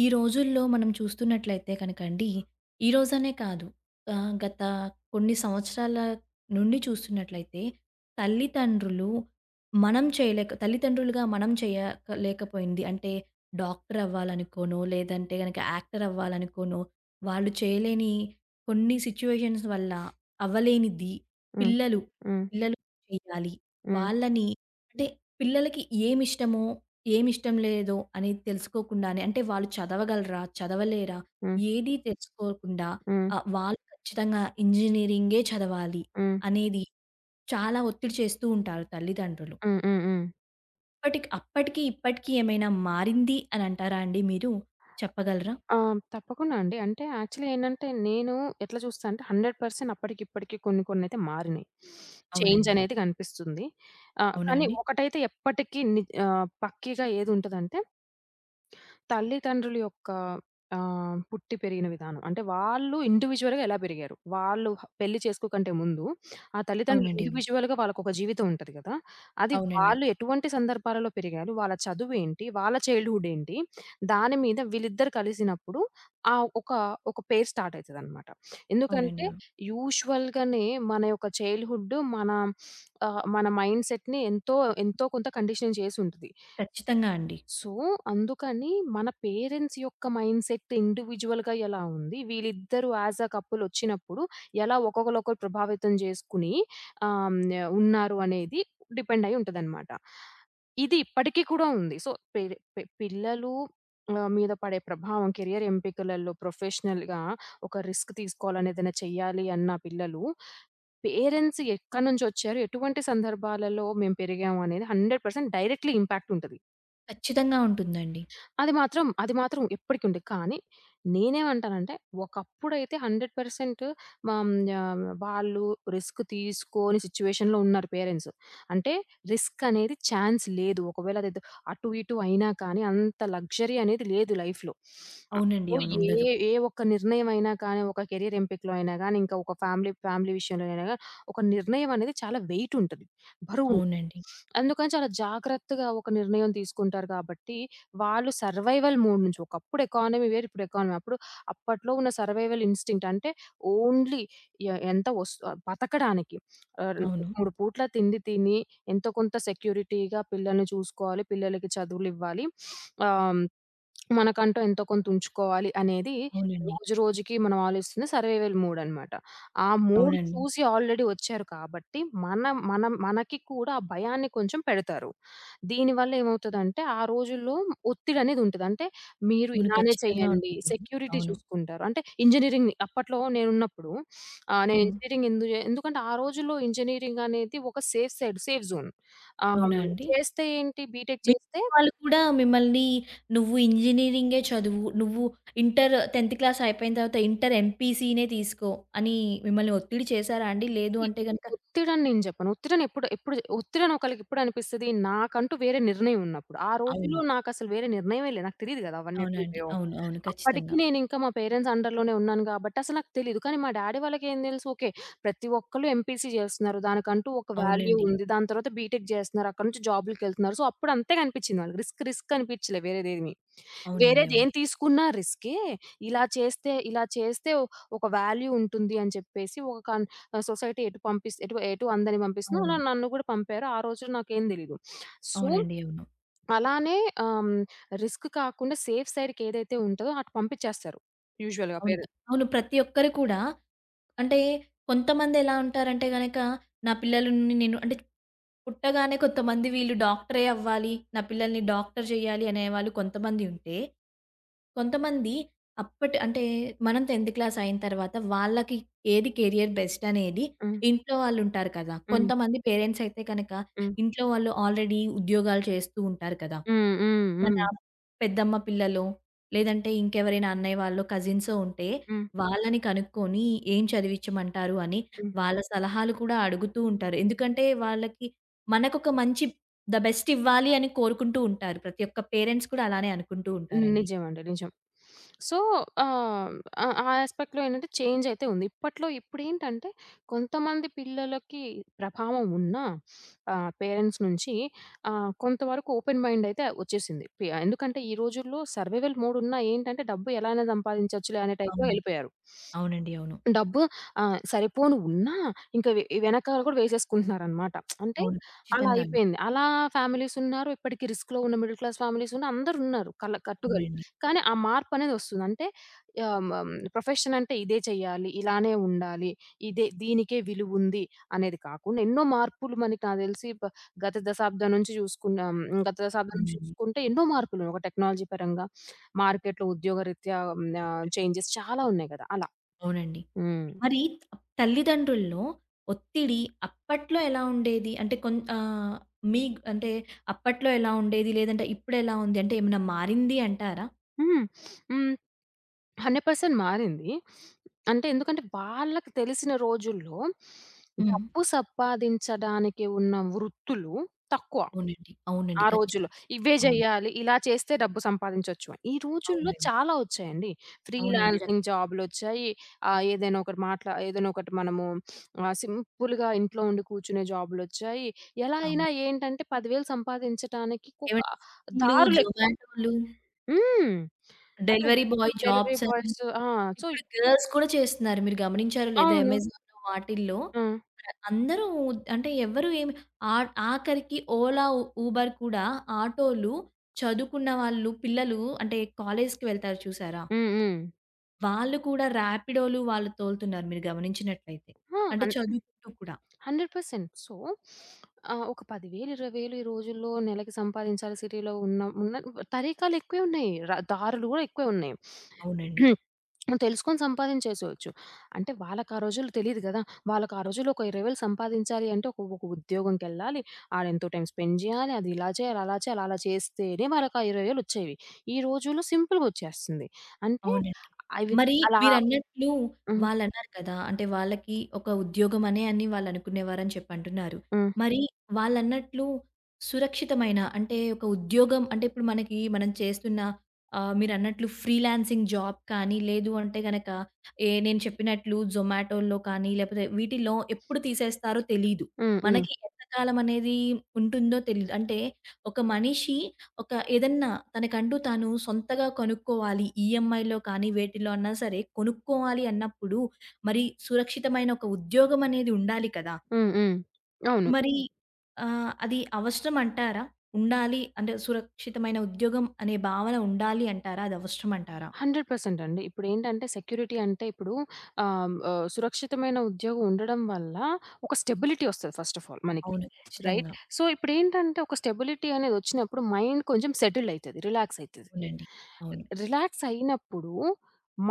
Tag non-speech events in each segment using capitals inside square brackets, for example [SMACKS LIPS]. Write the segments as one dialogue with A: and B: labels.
A: ఈ రోజుల్లో మనం చూస్తున్నట్లయితే కనుక అండి, ఈరోజనే కాదు, ఆహ్, గత కొన్ని సంవత్సరాల నుండి చూస్తున్నట్లయితే, తల్లిదండ్రులు మనం చేయలేక తల్లితండులుగా మనం చేయలేకపోయింది, అంటే డాక్టరు అవ్వాలనుకోనో, లేదంటే యాక్టర్ అవ్వాలనుకోనో, వాళ్ళు చేయలేని కొన్ని సిట్యుయేషన్స్ వల్ల అవ్వలేనిది
B: హ్మ్.
A: పిల్లలు
B: హ్మ్.
A: [UNINTELLIGIBLE] చేయాలి.
B: హ్మ్.
A: వాళ్లని, అంటే పిల్లలకి ఏమిష్టమో, ఏమిష్టం లేదో అనేది తెలుసుకోకుండానే, అంటే వాళ్ళు చదవగలరా? చదవలేరా?
B: హ్మ్.
A: ఏదీ తెలుసుకోకుండా,
B: హ్మ్.
A: ఆహ్, వాళ్ళు ఖచ్చితంగా ఇంజినీరింగే చదవాలి!
B: హ్మ్.
A: అనేది చాలా ఒత్తిడి చేస్తూ ఉంటారు తల్లిదండ్రులు.
B: హ్మ్. హ్మ్. హ్మ్.
A: ఇప్పటికి అప్పటికి ఇప్పటికి ఏమైనా మారింది అనంటారా అండి మీరు? చెప్పగలరా?
B: ఆ! తప్పకుండా అండి. అంటే యాక్చువల్లీ ఏంటంటే నేను ఎట్లా చూస్తా అంటే 100% అప్పటికి ఇప్పటికి కొన్ని కొన్నయితే మారినాయి. [SNIFFS] చేంజ్
A: అవునండి.
B: అనేది కనిపిస్తుంది. ఆహ్,
A: అవునా
B: కానీ
A: అండి?
B: ఒకటైతే ఎప్పటికీ ని పక్కీగా ఏదుంటదంటే తల్లిదండ్రుల యొక్క ఆహ్, పుట్టి పెరిగిన విధానం. అంటే వాళ్ళు ఇండివిడ్యువల్‌గా ఎలా పెరిగారు? వాళ్ళు పెళ్లి చేసుకోకంటే ముందు ఆ తల్లిదండ్రులు
A: అవునండి. అవును.
B: ఇండివిడ్యువల్‌గా వాళ్ళకొక జీవితం ఉంటది గదా! అది
A: అవునండి.
B: వాళ్ళు ఎటువంటి సందర్భాలలో పెరిగారు? వాళ్ళ చదువేంటి? వాళ్ళ చైల్డ్‌హుడ్ ఏంటి? దాని మీద వీళ్ళిద్దరూ కలిసినప్పుడు ఆహ్, ఒక ఒక పెయిర్ స్టార్ట్ అయితదన్నమాట. [SNIFFS]
A: అవునండి.
B: ఎందుకంటే
A: అవును.
B: యూజువల్‌గానే మన యొక్క చైల్డ్‌హుడ్డు మన [SNIFFS] ఆహ్, మన మైండ్‌సెట్‌ని ఎంతో ఎంతో కొంత కండిషన్ చేసి ఉంటది.
A: ఖచ్చితంగా అండి.
B: సో, అందుకని మన పేరెంట్స్ యొక్క మైండ్‌సెట్ ఇండివిడ్యువల్‌గా ఎలా ఉంది? వీళ్ళిద్దరూ యాస్ ఎ కపుల్ వచ్చినప్పుడు ఎలా ఒక్కొక్కళ్ళు ఒకరు ప్రభావితం చేసుకొని ఆహ్, హ్మ్, ఉన్నారు అనేది డిపెండ్ అయ్యి ఉంటదన్నమాట. ఇది ఇప్పటికి కూడా ఉంది. సో, పేరే పిల్లలు ఆహ్, మీద పడే ప్రభావం, కెరియర్ ఎంపికలలో, ప్రొఫెషనల్‌గా ఒక రిస్క్ తీసుకోవాలని, ఏదైనా చేయ్యాలి అన్న పిల్లలు, పేరెంట్స్ ఎక్కడి నుంచి వచ్చారు? ఎటువంటి సందర్భాలలో మేము పెరిగామనేది 100% డైరెక్ట్‌లీ ఇంపాక్ట్ ఉంటది.
A: ఖచ్చితంగా ఉంటుందండి.
B: అది మాత్రం, అది మాత్రం ఇప్పటికీ ఉంది. కానీ నేనేమంటానంటే, ఒకప్పుడైతే 100% హ్మ్, ఆహ్, వాళ్ళు రిస్క్ తీసుకొని సిట్యుయేషన్‌లో ఉన్నారు పేరెంట్సు. అంటే రిస్క్ అనేది ఛాన్స్ లేదు. ఒకవేళ అదేదో అటు ఇటు అయినా కానీ అంత లగ్జరీ అనేది లేదు లైఫ్‌లో. [SNIFFS]
A: అవునండి.
B: సో,
A: అవును.
B: ఏ
A: ఉండదు.
B: ఏ ఒక్క నిర్ణయం అయినా కానీ, ఒక కెరియర్ ఎంపికలో అయినా గానీ, ఇంకా ఒక ఫ్యామిలీ, ఫ్యామిలీ విషయంలో అయినా గానీ ఒక నిర్ణయం అనేది చాలా వెయిట్ ఉంటది, బరువు.
A: అవునండి.
B: [SNIFFS] అందుకని చాలా జాగ్రత్తగా ఒక నిర్ణయం తీసుకుంటారు కాబట్టి, వాళ్ళు సర్వైవల్ మోడ్ నుంచి ఒకప్పుడు ఎకానమీ వేరు. ఇప్పుడు ఎకానమీ వేరు. అప్పుడు అప్పట్లో ఉన్న సర్వైవల్ ఇన్‌స్టింక్ట్ అంటే ఓన్లీ ఆహ్, ఎంత వస్తు బతకడానికి. అది.
A: అవును.
B: 3 పూట్ల తిండి తిని ఎంతో కొంత సెక్యూరిటీగా పిల్లల్ని చూసుకోవాలి. పిల్లలకి చదువులివ్వాలి. [SNIFFS] ఆహ్, మనకంటూ ఎంతో కొంత ఉంచుకోవాలి అనేది
A: అవునండి.
B: రోజు రోజుకి మనం ఆలోచిస్తున్న సర్వైవల్ మోడ్ అన్నమాట. ఆ మోడ్
A: అవునండి.
B: చూసి ఆల్రెడీ వచ్చారు కాబట్టి మనం మనం మనకి కూడా ఆ భయాన్ని కొంచెం పెడతారు. దీని వల్ల ఏమవుతదంటే, ఆ రోజుల్లో ఒత్తిడి అనేది ఉంటది. అంటే మీరు
A: అవును.
B: ఇలానే
A: ఖచ్చితంగా
B: చేయండి.
A: ఉంటుంది.
B: సెక్యూరిటీ
A: అవును.
B: చూసుకుంటారు. అంటే ఇంజినీరింగ్‌ని అప్పట్లో నేనున్నప్పుడు, [SNIFFS] ఆహ్, నేను
A: హ్మ్.
B: ఇంజినీరింగ్ ఎందు చే ఎందుకంటే ఆ రోజుల్లో ఇంజినీరింగ్ అనేది ఒక సేఫ్ సైడ్, సేఫ్ జోన్ ఆహ్,
A: అవునా అండి?
B: చేస్తే ఏంటి, బీటెక్ చేస్తే
A: మిగితా వాళ్ళు కూడా మిమ్మల్ని, "నువ్వు ఇంజినీరింగే చదువు నువ్వు ఇంటరు, 10థ్ క్లాస్ అయిపోయిన తర్వాత ఇంటర్ ఎంపీసీ‌నే తీసుకో" అని మిమ్మల్ని ఒత్తిడి చేసారా అండి? లేదు
B: సీ
A: అంటే గనక
B: ఒత్తిడి అని నేను చెప్పను. ఒత్తిడిని ఎప్పుడు ఎప్పడు ఒత్తిడి అని ఒకళ్ళకెప్పుడనిపిస్తది? నాకంటూ వేరే నిర్ణయం ఉన్నప్పుడు. ఆ రోజుల్లో
A: అవును.
B: నాకసలు వేరే నిర్ణయమే లేదు. నాకు తెలియదు గదా! అవన్నీ ఎట్లా
A: అవునండి.
B: ఉన్నాయో.
A: అవును. అవును.
B: అప్పటికి
A: ఖచ్చితంగా.
B: నేను ఇంకా మా పేరెంట్స్ అండర్‌లోనే ఉన్నాను గాబట్టి అసలు నాకు తెలీదు. కానీ మా డ్యాడీ వాళ్ళకేం తెలుసు, ఓకే. ప్రతి ఒక్కళ్ళు ఎంపీసీ చేస్తున్నారు. దానికంటూ ఒక వాల్యూ
A: అవునండి.
B: ఉంది. దాని తర్వాత బీటెక్ చేస్తున్నారు. అక్కడి నుంచి జాబ్స్‌కి వెళ్తున్నారు. సో అప్పుడు అంతే కనిపించింది వాళ్ళకి. రిస్క్, రిస్క్ అనిపించలేదు వేరేది ఏమి.
A: అవునండి. అవును.
B: వేరేదేం తీసుకున్నా రిస్కే. ఇలా చేస్తే, ఇలా చేస్తే ఒక వాల్యూ ఉంటుంది అని చెప్పేసి ఒక సొసైటీ ఎటు పంపిస్తే ఇటు ఇటు అందరినీ పంపిస్తుందో అలా
A: అవును.
B: నన్ను కూడా పంపారు. ఆ రోజుల్లో నాకేం తెలీదు. [SNIFFS] సో,
A: అవునండి. అవును.
B: అలానే ఆహ్, హ్మ్, రిస్క్ కాకుండా సేఫ్ సైడ్‌కి ఏదైతే ఉంటదో అటు పంపించేస్తారు యూజువల్‌గా
A: అవునుగా
B: పేరెంట్స్.
A: అవును. ప్రతి ఒక్కరు కూడా అంటే కొంతమందెలా ఉంటారంటే గనక నా పిల్లల్ని నేను అంటే పుట్టగానే కొంతమంది వీళ్ళు డాక్టరే అవ్వాలి. నా పిల్లల్ని డాక్టరు జెయ్యాలి అనేవాళ్ళు కొంతమంది ఉంటే, కొంతమంది అప్పటి అంటే మనం 10థ్ క్లాస్ అయిన తరువాత వాళ్ళకి ఏది కేరియర్ బెస్ట్ అనేది
B: హ్మ్.
A: ఇంట్లో వాళ్ళు ఉంటారు కదా!
B: హ్మ్.
A: కొంతమంది పేరెంట్స్ అయితే కనక
B: హ్మ్.
A: ఇంట్లో వాళ్ళు ఆల్రెడీ ఉద్యోగాలు చేస్తూ ఉంటారు కదా!
B: హ్మ్. హ్మ్.
A: మన
B: హ్మ్.
A: పెద్దమ్మ పిల్లలో లేదంటే ఇంకెవరైనా అన్నయ్య వాళ్లో, కజిన్సో ఉంటే
B: హ్మ్.
A: వాళ్ళని కనుక్కొని ఏం చదివించమంటారు అని
B: హ్మ్.
A: వాళ్ళ సలహాలు కూడా అడుగుతూ ఉంటారు. ఎందుకంటే వాళ్ళకి మనకొక మంచి ధ బెస్ట్ ఇవ్వాలి అని కోరుకుంటూ ఉంటారు. ప్రతొక్క పేరెంట్స్ కూడా అలానే అనుకుంటూ
B: హ్మ్.
A: ఉంటారండి.
B: నిజం అండి నిజం. [SNIFFS] సో, ఆహ్, ఆ యాస్పెక్ట్‌లో ఏంటంటే చేంజ్ అయితే ఉంది. ఇప్పట్లో ఇప్పుడేంటంటే, కొంతమంది పిల్లలకి ప్రభావం ఉన్నా [SNIFFS] ఆహ్, పేరెంట్స్ నుంచి ఆహ్, కొంత వరకు ఓపెన్ మైండ్ అయితే వచ్చేసింది. పీఆ ఎందుకంటే, ఈ రోజుల్లో సర్వైవల్ మోడ్ ఉన్నా ఏంటంటే, డబ్బు ఎలా సంపాదించచ్చు అనే టైప్‌లో
A: అవును.
B: వెళ్లిపోయారు. [SNIFFS]
A: అవునండి. అవును.
B: డబ్బు ఆహ్, సరిపోను ఉన్నా ఇంకా వెనకాల కూడా వేసేసుకుంటున్నారన్నమాట. [SMACKS LIPS] అంటే
A: అవును.
B: అలా
A: ఖచ్చితంగా అండి.
B: అయిపోయింది. అలా ఫ్యామిలీస్ ఉన్నారు. ఇప్పటికీ రిస్క్‌లో ఉన్న మిడిల్ క్లాస్ ఫ్యామిలీస్ ఉన్నారు. అందరూ ఉన్నారు. కల కట్టుగా
A: అవునండి.
B: కానీ ఆ మార్పనేది వస్తుంది. అంటే ఆహ్, ఆహ్, హ్మ్, ప్రొఫెషన్ అంటే ఇదే చేయాలి, ఇలానే ఉండాలి, ఇదే దీనికే విలువుంది అనేది కాకుండా ఎన్నో మార్పులు మనకి, నాకు తెలిసి గత దశాబ్దం నుంచి చూసుకున్నాం. గత శతాబ్దం నుంచి చూసుకున్నా
A: అవునండి.
B: చూసుకుంటే ఎన్నో మార్పులున్నాయి. టెక్నాలజీ పరంగా, [SNIFFS] మార్కెట్‌లో ఉద్యోగరీత్యా ఆహ్, చేంజెస్ చాలా ఉన్నాయి గదా! అలా.
A: అవునండి.
B: హ్మ్.
A: మరి తల్లిదండ్రుల్లో ఒత్తిడి అప్పట్లో ఎలా ఉండేది? అంటే కొం ఆహ్, మీ అంటే అప్పట్లో ఎలా ఉండేది? లేదంటే ఇప్పుడెలా ఉంది అంటే ఏమైనా మారింది అంటారా?
B: హ్మ్. [SNIFFS] హ్మ్. 100% మారింది. [SNIFFS] అంటే ఎందుకంటే, వాళ్ళకి తెలిసిన రోజుల్లో, [SNIFFS]
A: హ్మ్.
B: డబ్బు సంపాదించడానికి ఉన్న వృత్తులు తక్కువ.
A: అవునండి. అవునండి.
B: ఆ రోజుల్లో
A: ఖచ్చితంగా.
B: ఇవే
A: అవును.
B: చేయాలి. ఇలా చేస్తే డబ్బు సంపాదించొచ్చు అని. ఈ రోజుల్లో
A: అవునండి.
B: చాలా వచ్చాయండి.
A: అవునండి. ర
B: ఫ్రీలాన్సింగు జాబులొచ్చాయి. ఆహ్, ఏదైనా ఒకరు మా ఒకటి, మనము ఆహ్, [SNIFFS] సింపుల్‌గా ఇంట్లో ఉండి కూర్చునే జాబులొచ్చాయి. ఎలా
A: అవును.
B: అయినా ఏంటంటే, 10,000 సంపాదించటానికి ఒక
A: ఏవండి స్విగ్గిలు
B: దారులెక్కువ.
A: జొమాటోలు
B: హ్మ్. అదే
A: డెలివరీ బాయ్
B: డెలివరీ
A: జాబ్స్ అని.
B: బాయ్సు ఆ! సో
A: ఇప్పుడు గర్ల్స్ కూడా చేస్తున్నారు. మీరు గమనించారో లేదో
B: అవును.
A: అమెజాన్‌లో వాటిల్లో
B: హ్మ్.
A: ఆ! అందరూ అంటే ఎవరు ఏమి ఆ ఆఖరికి ఓలా, ఉబెర్ కూడా ఆటో‌లు, చదువుకున్న వాళ్ళు పిల్లలు అంటే కాలేజుకి వెళ్తారు చూసారా?
B: హ్మ్. హ్మ్.
A: వాళ్ళు కూడా రాపిడో‌లు వాళ్ళు తోలుతున్నారు మీరు గమనించినట్టయితే
B: ఆ!
A: అంటే
B: అన్
A: చదువుకుంటూ కూడా.
B: 100% సో [SNIFFS] ఆహ్, ఒక 10,000 20,000 ఈ రోజుల్లో నెలకి సంపాదించాలి. సిటీ‌లో ఉన్న ఉన్న తరీకాలెక్కువే ఉన్నాయి. ర దారులు కూడా ఎక్కువే ఉన్నాయి.
A: అవునండి.
B: [SNIFFS] [CLEARS THROAT] తెలుసుకొని సంపాదించేసేవచ్చు. అంటే వాళ్ళకా రోజుల్లో తెలీదు గదా! వాళ్ళకా రోజుల్లో ఒక 20,000 సంపాదించాలి అంటే ఒక ఒక ఉద్యోగం‌కెళ్ళాలి. ఆడెంతో టైమ్ స్పెండ్ జేయాలి. అదిలా చేయాలి, అలా చేయాలి, అలా చేస్తేనే వాళ్ళకి ఆ ఇరవై వేలొచ్చేవి. ఈ రోజుల్లో సింపులగొచ్చేస్తంది. అంటే
A: అవునండి.
B: అవి త్
A: మరి
B: అలా
A: మీరన్నట్లు
B: హ్మ్.
A: వాళ్ళన్నారు కదా! అంటే వాళ్ళకి ఒక ఉద్యోగమనే అని వాళ్ళనుకునేవారని చెప్పంటున్నారు.
B: హ్మ్.
A: మరి వాళ్ళన్నట్లు సురక్షితమైన అంటే ఒక ఉద్యోగం అంటే ఇప్పుడు మనకి మనం చేస్తున్న ఆహ్, మీరన్నట్లు ఫ్రీలాన్సింగ్ జాబ్ కానీ లేదు అంటే గనక ఏ నేను చెప్పినట్లు జొమాటోల్లో కానీ లేపోతే వీటిల్లో ఎప్పుడు తీసేస్తారో తెలీదు.
B: హ్మ్. హ్మ్.
A: మనకి ఎంత కాలమనేదీ ఉంటుందో తెలీదు. అంటే ఒక మనిషి ఒక ఏదన్నా తనకంటూ తాను సొంతగా కొనుక్కోవాలి ఈఎంఐ‌లో కానీ వేటిలో అన్న సరే కొనుక్కోవాలి అన్నప్పుడు మరి సురక్షితమైన ఒక ఉద్యోగమనేది ఉండాలి కదా!
B: హ్మ్. హ్మ్. అవును.
A: మరి ఆహ్, అది అవసరమంటారా? ఉండాలి అంటే సురక్షితమైన ఉద్యోగం అనే భావన ఉండాలి అంటారా? అదవసరమంటారా?
B: 100% అండి. ఇప్పుడేంటంటే సెక్యూరిటీ అంటే ఇప్పుడు ఆహ్, హ్మ్, ఆహ్, సురక్షితమైన ఉద్యోగం ఉండడం వల్ల ఒక స్టెబిలిటీ ఒస్తది ఫస్ట్ ఆఫ్ ఆల్ మనకి.
A: అవును.
B: రైట్?
A: ఖచ్చితంగా.
B: సో ఇప్పుడేంటంటే ఒక స్టెబిలిటీ అనేదొచ్చినప్పుడు మైండ్ కొంచెం సెటిల్డయితది, రిలాక్సయితది.
A: అవునండి. అవును.
B: రిలాక్సయినప్పుడు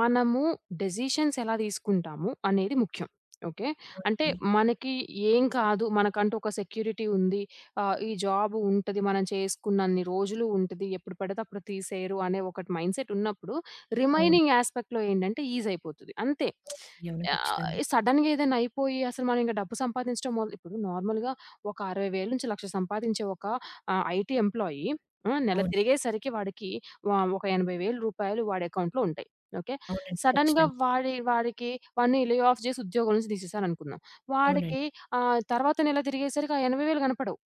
B: మనము డెసిషన్స్ ఎలా తీసుకుంటాము అనేది ముఖ్యం. ఓకే. అంటే
A: అవునండి.
B: మనకి ఏం కాదు. మనకంటూ ఒక సెక్యూరిటీ ఉంది. ఆహ్, ఈ జాబు ఉంటది. మనం చేసుకున్నన్ని రోజులు ఉంటది. ఎప్పుడు పడితే అప్పుడు తీసేయరు అనే ఒకటి మైండ్‌సెటున్నప్పుడు
A: అవును.
B: రిమైనింగ్ యాస్పెక్ట్‌లో ఏంటంటే ఈజయిపోతది అంతే. [SMACKS LIPS]
A: అవునండి. అవును.
B: ఆహ్,
A: ఖచ్చితంగా.
B: ఎ సడెన్‌గేదన్నయిపోయి, అసలు మనం ఇంక డబ్బు సంపాదించడం మొల్ ఇప్పుడు నార్మల్‌గా ఒక 60,000 నుంచి 1,00,000 సంపాదించే ఒక ఆహ్, ఐటీ ఎంప్లాయీ, ఆ! నెల
A: అవును.
B: తిరిగేసరికి వాడికి వ ఒక రూ. 80,000 వాడెకౌంట్‌లో ఉంటాయి. ఓకే.
A: అవునండి.
B: సడన్‌గా
A: ఖచ్చితంగా.
B: వాడి వాడికి వాడిని లే ఆఫ్ జేసి ఉద్యోగంలో నుంచి దీసేసారనుకుందాం.
A: అవునండి.
B: వాడికి ఆహ్, తర్వాత నెల తిరిగేసరికి ఆ రూ. 80,000 గనపడవు.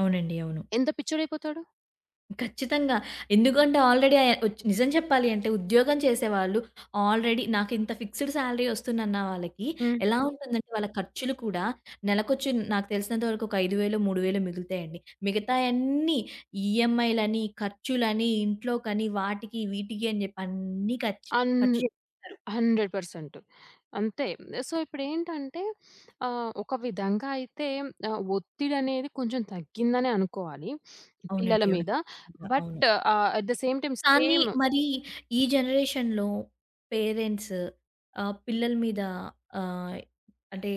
A: అవునండి. అవును.
B: ఎంత పిచ్చోడయిపోతాడు?
A: ఖచ్చితంగా. ఎందుకంటే ఆల్రెడీ ఆహ్, ఒచ్ నిజం చెప్పాలి అంటే ఉద్యోగం చేసేవాళ్ళు ఆల్రెడీ నాకింత ఫిక్స్‌డ్ సాలరీ వస్తుందన్న వాళ్ళకి
B: హ్మ్.
A: ఎలా ఉంటుందంటే, వాళ్ళ ఖర్చులు కూడా నెలకొచ్చి నాకు తెలిసినంత వరకు ఒక ఐదు వేలో, మూడు వేలో మిగులుతాయండి. మిగతావన్నీ ఈఎంఐలని, ఖర్చులని, ఇంట్లోకని, వాటికి వీటికి అని చెప్పి అన్నీ ఖర్చ్
B: ఆన్
A: ఖర్చు చేసేస్తారు.
B: 100% అంతే. సో, ఇప్పుడేంటంటే ఆహ్, ఒక విధంగా అయితే ఆహ్, ఒత్తిడి అనేది కొంచెం తగ్గిందనే అనుకోవాలి [SNIFFS] పిల్లల
A: అవునండి. అవును.
B: మీద.
A: ఖచ్చితంగా! అవును.
B: But uh, at the same time
A: కానీ
B: సేమ్
A: మరి ఈ జనరేషన్‌లో పేరెంట్స్ ఆహ్, పిల్లల మీద ఆహ్, అంటే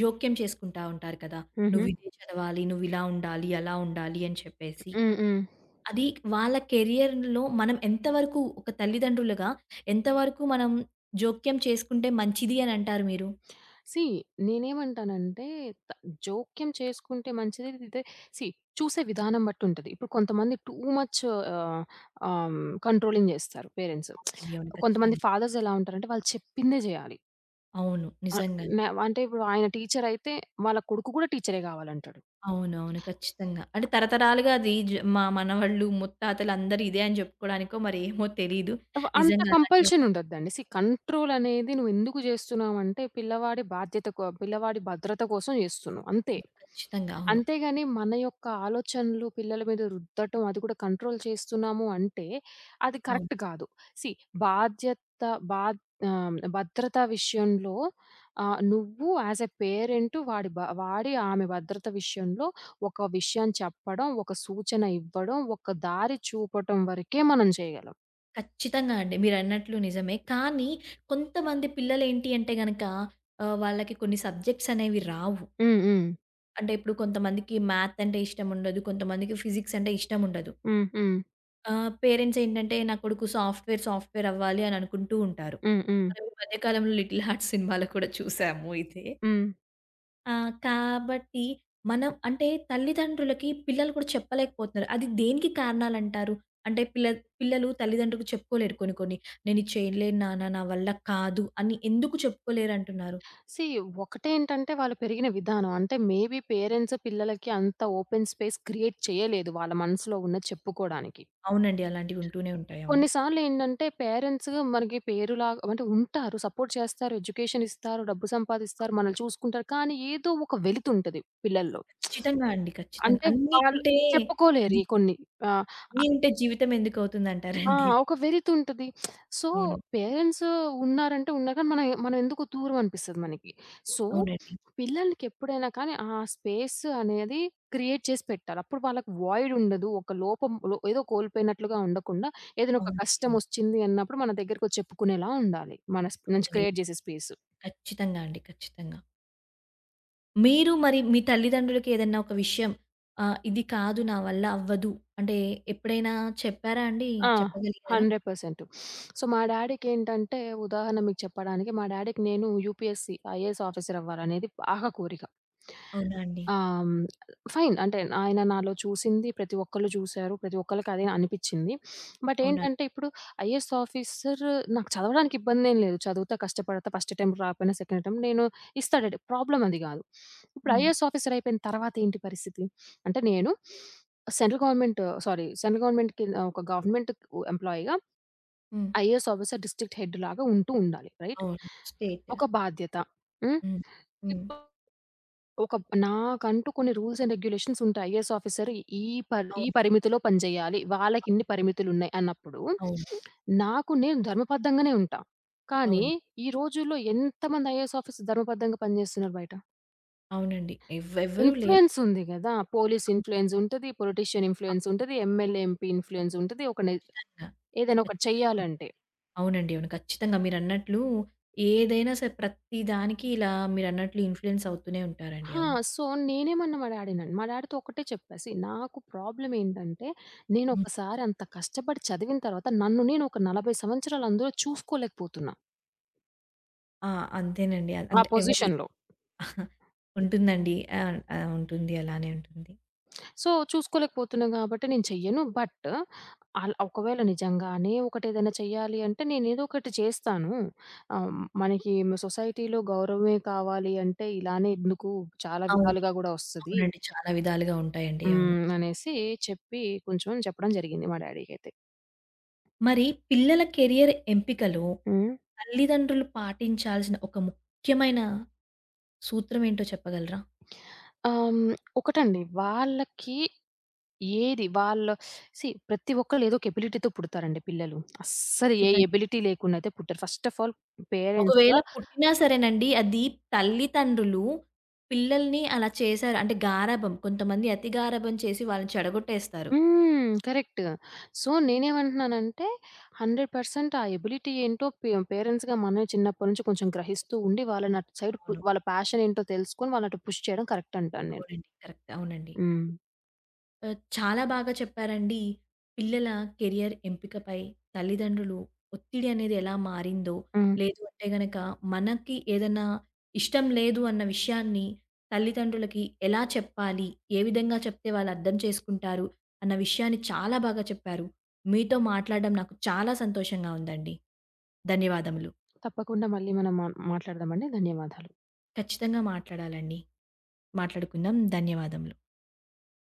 A: జోక్యం చేసుకుంటా ఉంటారు కదా! "నువ్వు
B: హుహు.
A: ఇదే చదవాలి, నువ్వు ఇలా ఉండాలి, అలా ఉండాలి" అని చెప్పేసి.
B: హ్మ్. హ్మ్.
A: అది వాళ్ళ కెరియర్‌లో మనం ఎంత వరకు ఒక తల్లిదండ్రులుగా, ఎంత వరకు మనం జోక్యం చేసుకుంటే మంచిది అనంటారు మీరు.
B: [SMACKS LIPS] సీ నేనేమంటానంటే త జోక్యం చేసుకుంటే మంచిది ఇంతే. సీ చూసే విధానం బట్టి ఉంటది. ఇప్పుడు కొంతమంది టూ మచ్ ఆహ్, ఆహ్, హ్మ్, కంట్రోలింగ్ చేస్తారు పేరెంట్స్.
A: అవునండి. అవును.
B: [SMACKS LIPS] కొంతమంది
A: ఖచ్చితంగా.
B: ఫాదర్స్ ఎలా ఉంటారంటే వాళ్ళు చెప్పిందే చేయాలి.
A: అవును.
B: ఆహ్,
A: నిజంగానే.
B: మ్యా అంటే ఇప్పుడు ఆయన టీచరయితే వాళ్ళ కొడుకు కూడా టీచరే కావాలంటడు.
A: అవునవును. ఖచ్చితంగా. అంటే తరతరాలుగా అది జ మా మనవళ్ళు, ముత్తాతలు అందరూ ఇదే అని జె‌ప్పుకోడానికో [GIGGLES] మరేమో తెలీదు.
B: ఉ అంత
A: నిజంగా అలాగే
B: కంపల్షన్ ఉండొద్దండి. సీ కంట్రోల్ అనేది నువ్వెందుకు చేస్తున్నావంటే పిల్లవాడి బాధ్యత కో పిల్లవాడి భద్రత కోసం చేస్తున్నావు అంతే.
A: అవును. ఖచ్చితంగా. అవును.
B: అంతేగాని మన యొక్క ఆలోచనలు పిల్లల మీద రుద్దటం, అది కూడా కంట్రోల్ చేస్తున్నాము అంటే అది
A: అవును.
B: కరెక్ట్ కాదు. సీ బాధ్యత, బా ఆహ్, భద్రత విషయంలో ఆహ్, నువ్వు యాస్ ఎ పేరెంటు వాడి బా వాడి ఆమె భద్రత విషయంలో ఒక విషయం చెప్పడం, ఒక సూచన ఇవ్వడం, ఒక దారి చూపటం వరకే మనం చేయగలం.
A: ఖచ్చితంగా అండి. మీరన్నట్లు నిజమే. కానీ కొంతమంది పిల్లలేంటి అంటే గనక ఆహ్, వాళ్ళకి కొన్ని సబ్జెక్ట్స్ అనేవి రావు.
B: హ్మ్. హ్మ్.
A: అంటే ఇప్పుడు కొంతమందికి మ్యాథ్ అంటే ఇష్టం ఉండదు. కొంతమందికి ఫిజిక్స్ అంటే ఇష్టం ఉండదు.
B: హ్మ్. హ్మ్.
A: ఆహ్, పేరెంట్స్ ఏంటంటే, "నా కొడుకు సాఫ్ట్‌వేర్, సాఫ్ట్‌వేర్ అవ్వాలి" అని అనుకుంటూ ఉంటారు.
B: హ్మ్.హ్మ్.
A: ఈ మధ్య కాలంలో 'లిటిల్ హార్ట్స్' [CHUCKLES] సినిమాలో కూడా చూసాము ఇదే.
B: హ్మ్.
A: ఆ! కాబట్టి మనం అంటే తల్లిదండ్రులకి పిల్లలు కూడా చెప్పలేకపోతున్నారు. అది దేనికి కారణాలంటారు? అంటే పిల్లద్ పిల్లలు తల్లిదండ్రులకు చెప్పుకోలేరు. కొన్ని కొన్ని "నేను ఇది చేయలేను నాన్న, నా వల్ల కాదు" అని ఎందుకు చెప్పుకోలేరు అంటున్నారు?
B: సీ ఒకటేంటంటే వాళ్ళు పెరిగిన విధానం అంటే మేబి పేరెంట్స్, పిల్లలకి అంత ఓపెన్ స్పేస్ క్రియేట్ చేయలేదు. వాళ్ళ మనసులో ఉన్నది చెప్పుకోవడానికి.
A: అవునండి. అలాంటివి ఉంటూనే ఉంటాయి. అవును.
B: కొన్ని సార్లు ఏంటంటే పేరెంట్స్‌గా మనకి పేరు లాగా అంటే ఉంటారు. సపోర్ట్ చేస్తారు. ఎడ్యుకేషనిస్తారు. డబ్బు సంపాదిస్తారు,
A: అవును.
B: మనల్ని చూసుకుంటారు. కానీ ఏదో ఒక వెలుతుంటది పిల్లల్లో.
A: ఖచ్చితంగా అండి.
B: [SMACKS LIPS]
A: ఖచ్చితంగా
B: అంటే
A: అన్ని
B: వాళ్ళు
A: ఉంటే
B: చెప్పుకోలేరు.
A: అది
B: ఈ కొన్ని ఆహ్, అ
A: అన్నీ ఉంటే జీవితమెందుకు అవుతుంది
B: ఆ!
A: అంటారండి?
B: ఒక వెలితుంటది. [SMACKS LIPS] సో
A: అవును.
B: పేరెంట్స్ ఉన్నారంటే ఉన్నారు కానీ మనం మనవెందుకో దూరం అనిపిస్తుంది మనకి. సో
A: అవునండి.
B: పిల్లలకెప్పుడైనా కానీ ఆ స్పేస్ అనేది క్రియేట్ చేసి పెట్టాలి. అప్పుడు వాళ్ళకి వాయిడ్ ఉండదు. ఒక లోపం లో ఏదో కోల్పోయినట్లుగా ఉండకుండా ఏదైనా ఒక
A: అవునండి,
B: కష్టం
A: అవును.
B: ఒచ్చింది అన్నప్పుడు మన దగ్గరకొచ్చి చెప్పుకునేలా ఉండాలి. మన స్ప్ నుంచి
A: అవునండి.
B: క్రియేట్ జేసే స్పేస్.
A: కచ్చితంగా అండి ఖచ్చితంగా. మీరు, మరి మీ తల్లిదండ్రులకేదన్నా ఒక విషయం, ఆహ్, "ఇది కాదు నా వల్ల అవ్వదు" అంటే ఎప్పుడైనా చెప్పారా అండి?
B: ఆ!
A: చెప్పగలిగారా?
B: Hundred percent. [SNIFFS] సో మా డ్యాడీకేంటంటే ఉదాహరణ మీకు చెప్పడానికి మా డ్యాడీ‌కి నేను యూపీఎస్‌సీ, ఐఏఎస్ ఆఫీసరవ్వాలనేది బాగా కోరిక.
A: అవునా అండి?
B: ఆ! హ్మ్. ఫైన్ అంటే ఆయన నాలో చూసింది ప్రతి ఒక్కళ్ళు చూసారు. ప్రతి ఒక్కలికదే అనిపిచ్చింది. [SNIFFS] బట్
A: అవునా!
B: ఏంటంటే ఇప్పుడు ఐఏఎస్ ఆఫీసర్ నాకు చదవడానికి ఇబ్బందేం లేదు. చదువుతా, కష్టపడత ఫస్ట్ అటెంప్ట్ రాకపోయినా సెకండ్ అటెంప్ట్ నేను ఇస్తా డ్యాడీ ప్రాబ్లమ్ అది గాదు. [SNIFFS] ఇప్పుడు
A: హ్మ్.
B: ఐఏఎస్ ఆఫీసర్ అయిపోయిన తర్వాతేంటి పరిస్థితి? [SNIFFS] అంటే నేను [SNIFFS] సెంట్రల్ గవర్నమెంట్ సారీ సెంట్రల్ గవర్నమెంట్‌కి కింద, ఒక గవర్నమెంట్‌కు ఎంప్లాయ్‌గా
A: హ్మ్.
B: ఐఏఎస్ ఆఫీసర్ డిస్ట్రిక్ట్ హెడ్డులాగా ఉంటూ ఉండాలి. రైట్.
A: అవును. స్టేట్
B: ఒక బాధ్యత. హ్మ్?
A: హ్మ్. హ్మ్.
B: ఇపుడు ఒక నాకంటూ కొన్ని రూల్స్ అండ్ రెగ్యులేషన్స్ ఉంటాయి. ఐఏఎస్ ఆఫీసర్ ఈ పర్ ఈ
A: అవును.
B: పరిమితిలో పని జేయాలి. వాళ్ళకి
A: అవును.
B: ఇన్ని పరిమితులు ఉన్నాయి అన్నప్పుడు
A: అవును.
B: [SNIFFS] నాకు నేను ధర్మబద్ధంగానే ఉంటా. కానీ
A: అవును.
B: ఈ రోజుల్లో ఎంతమంది ఐఏఎస్ ఆఫీసర్స్ ధర్మబద్ధంగా పనిజేస్తున్నారు బయట?
A: అవునండి ఎవ్ ఎవ్వరు
B: ఇన్‌ఫ్లుయెన్స్
A: లేరండి అ
B: ఉంది గదా! పోలీసు
A: ఆహ్
B: ఇన్‌ఫ్లుయెన్సుంటది, పొలిటీషియన్
A: ఆహ్
B: ఇన్‌ఫ్లుయెన్సుంటది, ఎంఎల్ఏ, ఎంపీ ఇన్‌ఫ్లుయెన్సుంటది ఒకడిన్ని,
A: ఖచ్చితంగా.
B: ఏదైనా ఒకటి
A: ఖచ్చితంగా. అవునండి.
B: చెయ్యాలంటే.
A: అవునండి. అవును. ఖచ్చితంగా మీరన్నట్లు ఏదైనా సరే ప్రతిదానికి ఇలా మీరన్నట్లు ఇన్‌ఫ్లుయెన్స్ అవుతూనే ఉంటారండి.
B: ఆ!
A: అవును.
B: సో, నేనేమన్నా మా డ్యాడీనన్ మా డ్యాడీతో ఒక్కటే చెప్పా. సీ నాకు ప్రాబ్లమ్ ఏంటంటే,
A: హ్మ్.
B: నేనొకసారి అంత కష్టపడి చదివిన తరువాత నన్ను నేను ఒక 40 సంవత్సరాలు అందులో చూసుకోలేకపోతున్నా.
A: ఆ! అంతేనండి. అ
B: ఆ
A: అంటే ఎవరి
B: పొజిషన్‌లో
A: [CHUCKLES] ఉంటుందండి. అవును. ఆ! ఉంటుంది. అలానే ఉంటుంది.
B: [SMACKS LIPS] సో, చూసుకోలేకపోతున్నా గాబట్టి నేను చెయ్యను. బట్ అల్ ఒకవేళ నిజంగానే ఒకటేదైనా చెయ్యాలి అంటే, నేను ఏదో ఒకటి చేస్తాను. ఆహ్, మనకి సొసైటీ‌లో గౌరవమే కావాలి అంటే ఇలానే ఎందుకు చాలా
A: అవును.
B: విధాలుగా గూడా వస్తది.
A: అవునండి. చాలా విధాలుగా ఉంటాయండి. అవును.
B: హ్మ్. అనేసి చెప్పి, కొంచెం చెప్పడం జరిగింది మా డ్యాడీకైతే.
A: మరి పిల్లల కెరియర్ ఎంపికలో
B: హ్మ్.
A: తల్లిదండ్రులు పాటించాల్సిన ఒక ముఖ్యమైన సూత్రం ఏంటో చెప్పగలరా?
B: ఆహ్, హ్మ్. ఒకటండి. వాళ్ళకి ఏది వాళ్ళ సీ ప్రతి ఒక్కళ్ళు ఏదో ఒక ఎబిలిటీతో పుడతారండి పిల్లలు. అస్సలు ఏ
A: ఖచ్చితం
B: ఎబిలిటీ లేకుండా అయితే పుట్టరు. ఫస్ట్ ఆఫ్ ఆల్ పేరెంట్స్‌గా
A: ఒకవేళ పుట్టినా సరేనండి. అది తల్లితండ్రులు పిల్లల్ని అలా చేసారు. అంటే గారాబం కొంతమంది అతి గారాబం చేసి వాళ్ళని చెడగొట్టేస్తారు.
B: హ్మ్. కరెక్టు. సో, నేను ఏమంటున్నానంటే, 100% ఆ ఎబిలిటీ ఏంటో పే పేరెంట్స్‌గా మనమే చిన్నప్పడి నుంచి కొంచెం గ్రహిస్తూ ఉండి, వాళ్ళనటు సైడ్ పు
A: అవును.
B: వాళ్ళ ఫ్యాష‌న్ ఏంటో తెలుసుకొని, వాళ్ళనటు అటు పుష్ చేయడం కరెక్ట్ అంటాను నేను.
A: అవునండీ. కరెక్ట్ అవునండీ.
B: హ్మ్.
A: ఆహ్, చాలా బాగా చెప్పారండి. పిల్లల కెరియర్ ఎంపికపై తల్లిదండ్రులు ఒత్తిడి అనేది ఎలా మారిందో.
B: హ్మ్.
A: లేదు అంటే గనక మనకి ఏదన్నా ఇష్టం లేదు అన్న విషయాన్ని తల్లిదండ్రులకి ఎలా చెప్పాలి, ఏ విధంగా చెప్తే వాళ్ళర్థం చేసుకుంటారు. అన్న విషయాన్ని చాలా బాగా చెప్పారు. మీతో మాట్లాడడం నాకు చాలా సంతోషంగా ఉందండి. ధన్యవాదములు.
B: తప్పకుండా మళ్ళీ మనం మ మాట్లాడదాం అండి. ధన్యవాదాలు.
A: ఖచ్చితంగా మాట్లాడాలండి. మాట్లాడుకుందాం. ధన్యవాదములు.